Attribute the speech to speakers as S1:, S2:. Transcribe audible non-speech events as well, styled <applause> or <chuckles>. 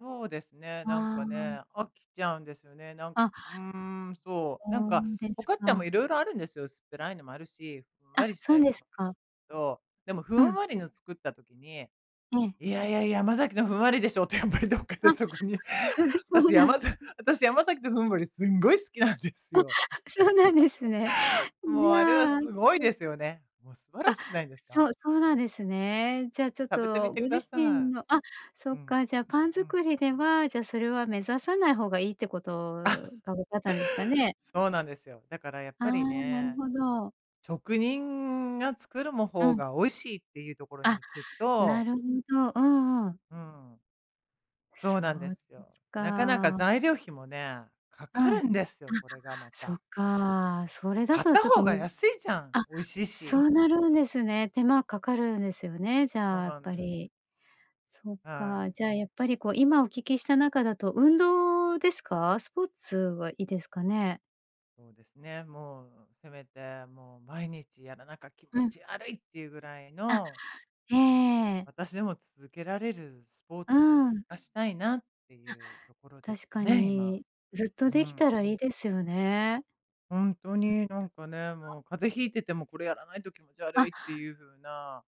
S1: そうですね。なん
S2: あ
S1: か
S2: あ。
S1: ね、飽きちゃうんですよね。なん
S2: あ、
S1: うーん、そう、なん
S2: そ
S1: か、
S2: うで
S1: フォ
S2: す
S1: カッチャも
S2: か。
S1: 色々あるんですよ、薄っぺらいのもあるし、ふん
S2: あ、
S1: わりし
S2: そ
S1: た
S2: う
S1: や
S2: です
S1: も。
S2: か。
S1: どう。でも、ふ
S2: う
S1: ん
S2: ん。
S1: わりの作った時に、
S2: ええ。
S1: いやいや、山崎のふんわりでしょって、やっぱりどっかで、
S2: あ。
S1: そこに。
S2: <unintelligible> <chuckles> そう
S1: 私や
S2: なん
S1: まざ私、山崎のふんわりすんごい好きなんです
S2: あ、
S1: よ。
S2: そうなんですね。ん、
S1: <chuckles> も
S2: じ
S1: う、あれは
S2: ゃあ、
S1: 凄い
S2: そう
S1: ですよね。もう素晴ら
S2: あ、
S1: しくないですか？
S2: そうそうなんですね。じゃあ、ちょっ
S1: 食べてみ
S2: と、
S1: て
S2: ご自
S1: 下
S2: 身
S1: さ
S2: のあ、そ
S1: い。う
S2: っ
S1: ん、
S2: か、じゃあ、パン
S1: うん。
S2: 作りでは、じゃ、それは目指さない方がいいって事
S1: <chuckles>
S2: が分かったんですかね？
S1: そうなんですよ。だから、やっ
S2: あ
S1: ぱ
S2: あ、
S1: り
S2: なる
S1: ね。
S2: ほど。
S1: 職人が作るも
S2: う
S1: 方
S2: ん。
S1: が、美味しいっていうところに
S2: あ、
S1: 行く
S2: な
S1: と
S2: るほど。うんうん。
S1: うん。そうなんで
S2: そうで
S1: すよ。
S2: す
S1: 中々
S2: か。
S1: 材料費もね、
S2: う
S1: 掛か
S2: ん、
S1: る
S2: あ、
S1: んですよ、これがま
S2: そ
S1: た。
S2: っか。それだ
S1: 買っ
S2: と、
S1: た
S2: ちょっ
S1: 方
S2: と、
S1: が
S2: むず
S1: 安いじゃん、
S2: あ、
S1: 美味しい
S2: そ
S1: し。
S2: うなるんですね。手間掛かるんですよね。じゃ
S1: そう
S2: あ、やっ
S1: なん
S2: ぱ
S1: です。
S2: り。そっ
S1: は
S2: か、
S1: い。
S2: じゃあ、やっぱり、こう今お聞きした中だと運動ですか？スポーツはいいですかね。
S1: そうですね、もうせめて、もう毎日やらなか気持
S2: うん。
S1: ち悪いって言うぐらい
S2: あ、
S1: の
S2: ええ。
S1: 私でも続けられるスポー
S2: うー
S1: ツを
S2: ん。
S1: あしたいなって
S2: あ、
S1: いうところです
S2: 確
S1: か
S2: か
S1: ね、今。
S2: に、ずっ
S1: う
S2: と出来
S1: ん。
S2: たらいいですよね。
S1: ほんと
S2: うん。
S1: に、なんかね。
S2: <unintelligible>
S1: もう風邪引いてても、これやらないと気持ち悪
S2: あ。
S1: いっていう風な